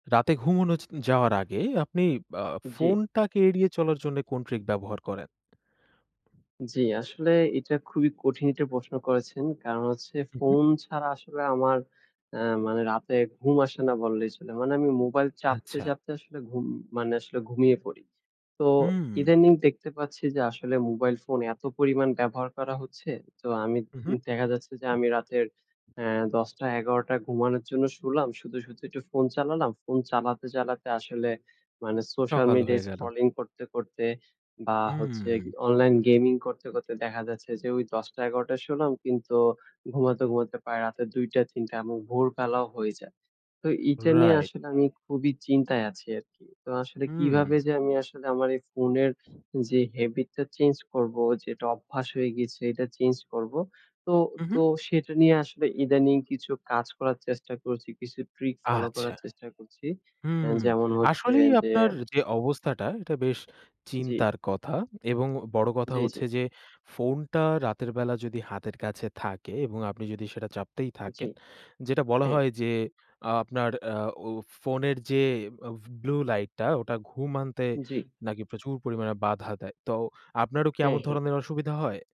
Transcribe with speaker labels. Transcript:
Speaker 1: রাতে ঘুমানোর যাওয়ার আগে আপনি আ
Speaker 2: জি।
Speaker 1: ফোনটাকে এড়িয়ে চলার জন্য কোন ট্রিক ব্যবহার করেন?
Speaker 2: জি। আসলে এটা খুবই কঠিন এটা প্রশ্ন করেছেন, কারণ হচ্ছে
Speaker 1: হুম, হু।
Speaker 2: ফোন ছাড়া আসলে আমার অ্যা মানে রাতে ঘুম আসে না বল্লেই চলে। মানে আমি মোবাইল চাপতে,
Speaker 1: আচ্ছা।
Speaker 2: চাপতে আসলে ঘুম, মানে আসলে ঘুমিয়ে পড়ি। তো
Speaker 1: উম।
Speaker 2: ইদানিং দেখতে পাচ্ছি যে আসলে মোবাইল ফোন এত পরিমাণ ব্যবহার করা হচ্ছে, তো আমি
Speaker 1: হুম, হু।
Speaker 2: দেখা যাচ্ছে যে, আমি রাতের অ্যা ১০টা, ১১টা ঘুমানোর জন্য শুলাম, শুতে, শুতে একটু ফোন চালালাম, ফোন চালাতে, চালাতে আসলে মানে সোশ্যাল
Speaker 1: সকাল
Speaker 2: মিডিয়া
Speaker 1: হয়ে গেলো।
Speaker 2: স্ক্রলিং করতে, করতে বা হচ্ছে
Speaker 1: হুম।
Speaker 2: অনলাইন গেমিং করতে, করতে দেখা যাচ্ছে যে, ওই ১০টা, ১১টা শুলাম, কিন্তু ঘুমাতে, ঘুমাতে পারায় রাতের ২টা, ৩টা এবং ভোরবেলাও হয়ে যায়। তো এইটা নিয়ে
Speaker 1: রাইট।
Speaker 2: আসলে আমি খুবই চিন্তায় আছি আরকি। তো আসলে
Speaker 1: উম।
Speaker 2: কিভাবে যে আমি আসলে আমার এই ফোনের যে হ্যাভিট টা চেঞ্জ করব, যে অভ্যাস হয়ে গেছে এটা চেঞ্জ করবো? তো,
Speaker 1: উম,
Speaker 2: তো
Speaker 1: হু।
Speaker 2: সেটা নিয়ে আসলে ইদানিং কিছু কাজ করার চেষ্টা করছি। কিছু ট্রিক ফলো
Speaker 1: আচ্ছা।
Speaker 2: করার চেষ্টা করছি। অ্যা
Speaker 1: হুম,
Speaker 2: যেমন হচ্ছে
Speaker 1: আসলেই
Speaker 2: যে
Speaker 1: আপনার যে, অবস্থাটা এটা বেশ
Speaker 2: জি।
Speaker 1: চিন্তার কথা এবং বড় কথা
Speaker 2: জি, জি।
Speaker 1: হচ্ছে যে ফোনটা রাতের বেলা যদি হাতের কাছে থাকে এবং আপনি যদি সেটা চাপতেই
Speaker 2: জি,
Speaker 1: থাকেন, যেটা বলা
Speaker 2: হুম।
Speaker 1: হয় যে, আপনার অ্যা ফো ফোনের যে, ফ ব্লু লাইট টা ওটা ঘুম আনতে
Speaker 2: জি।
Speaker 1: নাকি প্রচুর পরিমাণে বাধা দেয়। তো আপনারও কি
Speaker 2: হুম,
Speaker 1: এমন
Speaker 2: হুম।
Speaker 1: ধরনের অসুবিধা হয়?